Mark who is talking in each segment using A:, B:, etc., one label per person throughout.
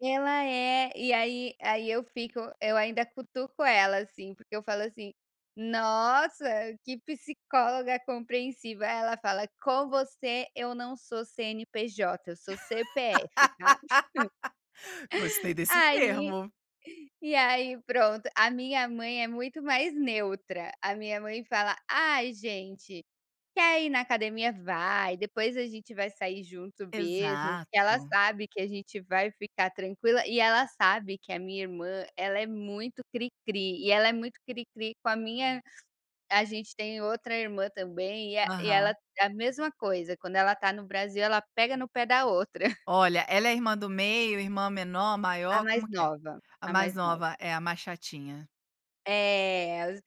A: Ela é, e aí aí eu fico eu ainda cutuco ela, assim, porque eu falo assim: "Nossa, que psicóloga compreensiva". Aí ela fala: "Com você eu não sou CNPJ, eu sou CPF, tá?".
B: Gostei desse
A: Aí
B: termo.
A: e aí, pronto, a minha mãe é muito mais neutra, a minha mãe fala: "Ai gente, quer ir na academia, vai, depois a gente vai sair junto mesmo". Porque ela
B: Exato.
A: sabe que a gente vai ficar tranquila, e ela sabe que a minha irmã ela é muito cricri e ela é muito cricri com a minha a gente tem outra irmã também, e el e ela
B: Aham.
A: é a mesma coisa, quando ela está no Brasil ela pega no pé da outra.
B: Olha, ela é irmã do meio, irmã menor,
A: A
B: maior,
A: mais
B: como que é?
A: nova,
B: A
A: a
B: mais
A: mais nova.
B: nova, é a mais chatinha.
A: É, as o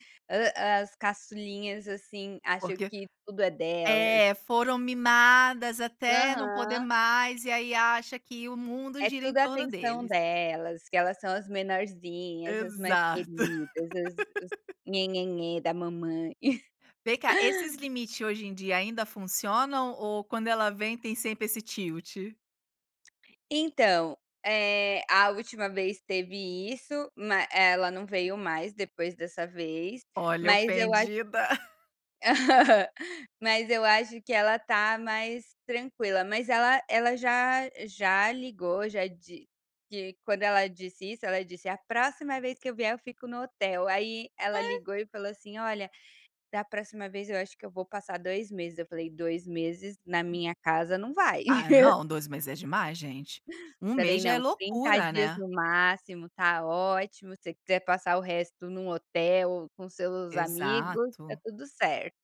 A: as caçulinhas, assim, acho
B: Porque
A: que tudo é delas.
B: é, foram mimadas até não poder
A: Aham.
B: mais e aí acha que o mundo
A: É
B: gira em
A: tudo
B: torno
A: atenção
B: deles.
A: delas, que elas são as menorzinhas, as mais
B: Exato.
A: queridas, os os nhe-nhe-nhem da mamãe.
B: Vem cá, esses limite hoje em dia ainda funcionam ou quando ela vem tem sempre esse tilt?
A: Então, eh, a última vez teve isso, ma ela não veio mais depois dessa vez,
B: Olha,
A: mas eu acho
B: ofendida.
A: mas eu acho que ela tá mais tranquila. Mas ela ela já já ligou, já di di quando ela disse isso, ela disse: "A próxima vez que eu vier, eu fico no hotel". Aí ela
B: Ai
A: ligou e falou assim: "Olha, da próxima vez, eu acho que eu vou passar 2 meses". Eu falei: "2 meses na minha casa não vai".
B: Ah, não, 2 meses é demais, gente. 1
A: Falei:
B: mês já é
A: "Não, 30
B: loucura,
A: dias
B: né.
A: no máximo, tá ótimo, se você quiser passar o resto num hotel com seus amigos tá
B: Exato.
A: tudo certo".